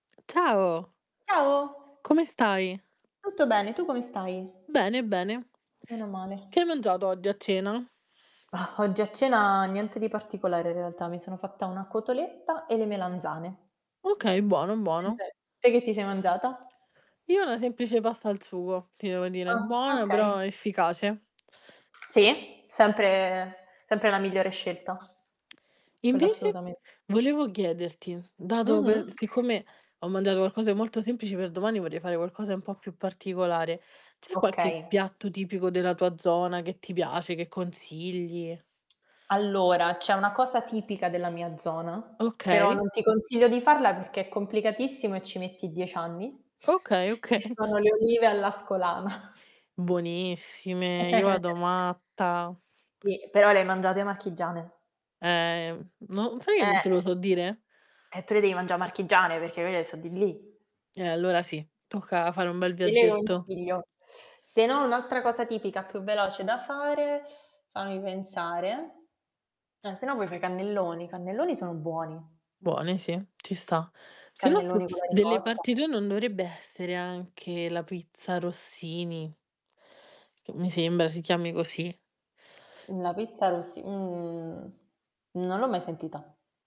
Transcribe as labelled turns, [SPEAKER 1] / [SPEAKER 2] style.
[SPEAKER 1] Ciao.
[SPEAKER 2] Ciao.
[SPEAKER 1] Come stai?
[SPEAKER 2] Tutto bene. Tu come stai?
[SPEAKER 1] Bene, bene.
[SPEAKER 2] Meno male.
[SPEAKER 1] Che hai mangiato oggi a cena?
[SPEAKER 2] Ah, oggi a cena niente di particolare in realtà, mi sono fatta una cotoletta e le melanzane.
[SPEAKER 1] Okay, buono, buono.
[SPEAKER 2] [unintelligible] Te che ti sei mangiata?
[SPEAKER 1] Io una semplice pasta al sugo, ti devo dire,
[SPEAKER 2] Ah,
[SPEAKER 1] buona
[SPEAKER 2] okay.
[SPEAKER 1] però efficace.
[SPEAKER 2] Sì, sempre sempre la migliore scelta. Quella
[SPEAKER 1] Invece
[SPEAKER 2] assolutamen
[SPEAKER 1] volevo chiederti, dato pe
[SPEAKER 2] Mh-mh.
[SPEAKER 1] siccome ho mangiato qualcosa di molto semplice, per domani vorrei fare qualcosa un po' più particolare, c'è qualche
[SPEAKER 2] Okay.
[SPEAKER 1] piatto tipico della tua zona che ti piace, che consigli?
[SPEAKER 2] Allora, c'è una cosa tipica della mia zona, però
[SPEAKER 1] Okay.
[SPEAKER 2] non ti consiglio di farla perché è complicatissimo e ci metti 10 anni,
[SPEAKER 1] Okay
[SPEAKER 2] che
[SPEAKER 1] okay.
[SPEAKER 2] sono le olive all'ascolana.
[SPEAKER 1] Buonissime, io vado matta.
[SPEAKER 2] Sì, però le hai mangiate marchigiane.
[SPEAKER 1] Eh, no sai che non te lo
[SPEAKER 2] Eh.
[SPEAKER 1] so dire?
[SPEAKER 2] E tu le devi mangià marchigiane, perché quelle so di lì.
[SPEAKER 1] Eh allora sì, tocca fare un bel
[SPEAKER 2] Te le
[SPEAKER 1] viaggetto.
[SPEAKER 2] consiglio. Se no un'altra cosa tipica più veloce da fare, fammi pensare, eh se no puoi fa' i cannelloni. I cannelloni sono buoni.
[SPEAKER 1] Buone sì, ci sta. Se no su
[SPEAKER 2] Cannelloni con la
[SPEAKER 1] delle
[SPEAKER 2] ricotta.
[SPEAKER 1] parti tue non dovrebbe essere anche la pizza Rossini? Che mi sembra si chiami così.
[SPEAKER 2] La pizza rossi mhmm, non l'ho mai sentita.